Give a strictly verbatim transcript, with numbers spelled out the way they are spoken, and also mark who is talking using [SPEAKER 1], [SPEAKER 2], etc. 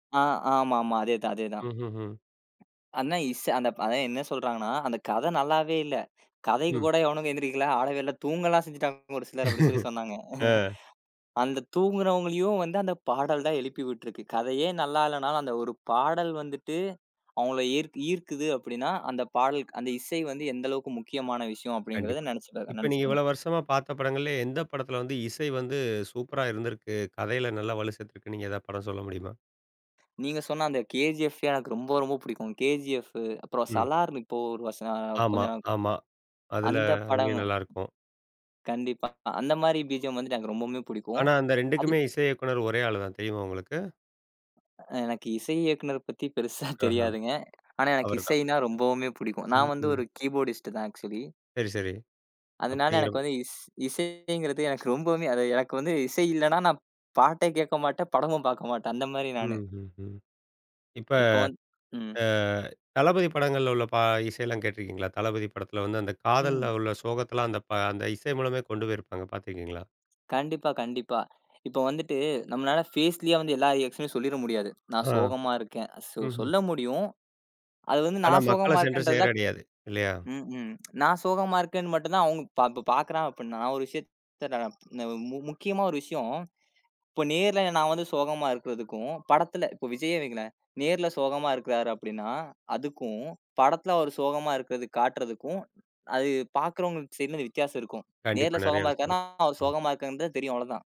[SPEAKER 1] அ ஆமாமா. அதேதான், அதேதான்.
[SPEAKER 2] ம்ஹ்ஹ்ம்.
[SPEAKER 1] அதுனா இஸ் அதான், என்ன சொல்றாங்கனா. அந்தக் கதை நல்லாவே இல்ல. கதைக்குக்
[SPEAKER 2] ம்.
[SPEAKER 1] கூட எவனும் எந்திரிக்கல, ஆடவே இல்ல, தூங்கலாம் செஞ்சுட்டாங்க ஒரு சிலர் அப்படி சொல்லிச் சொன்னாங்க.
[SPEAKER 2] ஆ.
[SPEAKER 1] அந்தத் தூங்குறவங்களையும் அந்தப் பாடல் தான் எழுப்பி விட்டுருக்கு. கதையே நல்லா இல்லனாலும் அந்த ஒரு பாடல் வந்துட்டு அவங்கள ஏர் ஈர்க்குது. அப்படின்னா, அந்தப் பாடல் அந்த இசை வந்து எந்தளவுக்கு முக்கியமான விஷயம் அப்படிங்கறத
[SPEAKER 2] கண்டிப்பா.
[SPEAKER 1] நெனச்சு பாக்
[SPEAKER 2] இப்ப நீங்க இவ்வளோ
[SPEAKER 1] நெனச்சுக்கணும்.
[SPEAKER 2] வருஷமா பார்த்த படங்கள்ல எந்தப் படத்துல வந்து இசை வந்து சூப்பர்ரா இருந்திருக்கு? கதையில நல்லா வலு சேர்த்திருக்குன்னு நீங்க ஏதாவது படம் சொல்ல முடியுமா?
[SPEAKER 1] நீங்கச் சொன்ன அந்தக் கேஜிஎஃப் எனக்கு ரொம்ப, ரொம்ப பிடிக்கும். கேஜிஎஃப் அப்புறம்
[SPEAKER 2] ம்.
[SPEAKER 1] சலார். இப்போ ஒரு வஸ் அ
[SPEAKER 2] ஆமா,
[SPEAKER 1] கொஞ்சம் நாள்.
[SPEAKER 2] ஆமா. அதுல
[SPEAKER 1] அந்தப் படங்
[SPEAKER 2] அதிலயும் நல்லா இருக்கும்.
[SPEAKER 1] கண்டிப்பா, அந்த மாரி பிஜிஎம் வந்து எனக்கு ரொம்பவுமே பிடிக்கும்
[SPEAKER 2] ஆனா, அந்த
[SPEAKER 1] அது
[SPEAKER 2] ரெண்டுக்குமே இசை இயக்குநர் ஒரே ஆளுதான் தெரியுமா உங்களுக்கு?
[SPEAKER 1] எனக்கு இசை இயக்குநர் பத்தி பெருசா
[SPEAKER 2] ஆஹா.
[SPEAKER 1] தெரியாதுங்க. ஆனா, எனக்கு
[SPEAKER 2] அவர்தான்.
[SPEAKER 1] இசைனா ரொம்பவுமே பிடிக்கும்.
[SPEAKER 2] ம்,
[SPEAKER 1] நான் வந்து
[SPEAKER 2] ம்.
[SPEAKER 1] ஒரு கீபோர்டிஸ்ட் தான் ஆக்சுவலி.
[SPEAKER 2] சரி, சரி.
[SPEAKER 1] அதுனால எனக்கு
[SPEAKER 2] அப்படிங்கிறப்ப
[SPEAKER 1] வந்து இஸ் இசைங்கறது எனக்கு ரொம்பவுமே அது எனக்கு வந்து இசை இல்லன்னா நான் பாட்டேக் கேக்கமாட்டேன். படமும் பாக்கமாட்டேன். அந்த மாரி நானு.
[SPEAKER 2] ம்ஹ்ம். இப்ப
[SPEAKER 1] இப்ப வந் ம்.
[SPEAKER 2] அ தளபதி படங்கள்ல உள்ள பா இசையெல்லாம் கேட்டிருக்கீங்களா? தளபதி படத்துல வந்து அந்தக் காதல்ல
[SPEAKER 1] ம்.
[SPEAKER 2] உள்ள சோகத்தலாம், அந்தப் பா அந்த இசை மூலமே கொண்டு போயிருப்பாங்க. பாத்திருக்கீங்களா?
[SPEAKER 1] கண்டிப்பா, கண்டிப்பா. இப்ப வந்துட்டு நம்மளால ஃபேஸ்லயே வந்து எல்லா எக்ஷன்னும் சொல்லிற முடியாது. நான்
[SPEAKER 2] ஆ.
[SPEAKER 1] சோகமா இருக்கேன். சொ
[SPEAKER 2] ம்ஹ்ம்.
[SPEAKER 1] சொல்ல முடியும். அது வந்து
[SPEAKER 2] ஆனா
[SPEAKER 1] நான் சோகமா
[SPEAKER 2] மக்களச் சென்று
[SPEAKER 1] இருக்கேன்றத
[SPEAKER 2] சேரடையாது. இல்லையா?
[SPEAKER 1] ம், ம் நான் சோகமா இருக்கேன்னு மட்டும் தான் அவுங்க இப்ப ப பாக்குறா அப்டின்னா. நான் ஒரு விஷயத்த முக்கியமா ஒரு விஷயம். இப்போ நேர்ல நான் வந்து சோகமா இருக்குறதுக்கும் படத்துல, இப்போ விஜய்யே வைங்களேன். நேர்ல சோகமா இருக்குறாரு அப்படின்னா, அதுக்கும் படத்துல அவரு சோகமா இருக்குறதுக்கு காட்டுறதுக்கும் அது பாக்குறவங்க என்னது வித்தியாசம் இருக்கும்.
[SPEAKER 2] கண்டிப்பா.
[SPEAKER 1] நேர்ல
[SPEAKER 2] நெறைய
[SPEAKER 1] சோகமா
[SPEAKER 2] விஷயம்
[SPEAKER 1] இருக்கார்னா.
[SPEAKER 2] இருக்கும். ம்.
[SPEAKER 1] சோகமா இருக்காங்கனு தான் தெரியும் அவ்வளோதான்.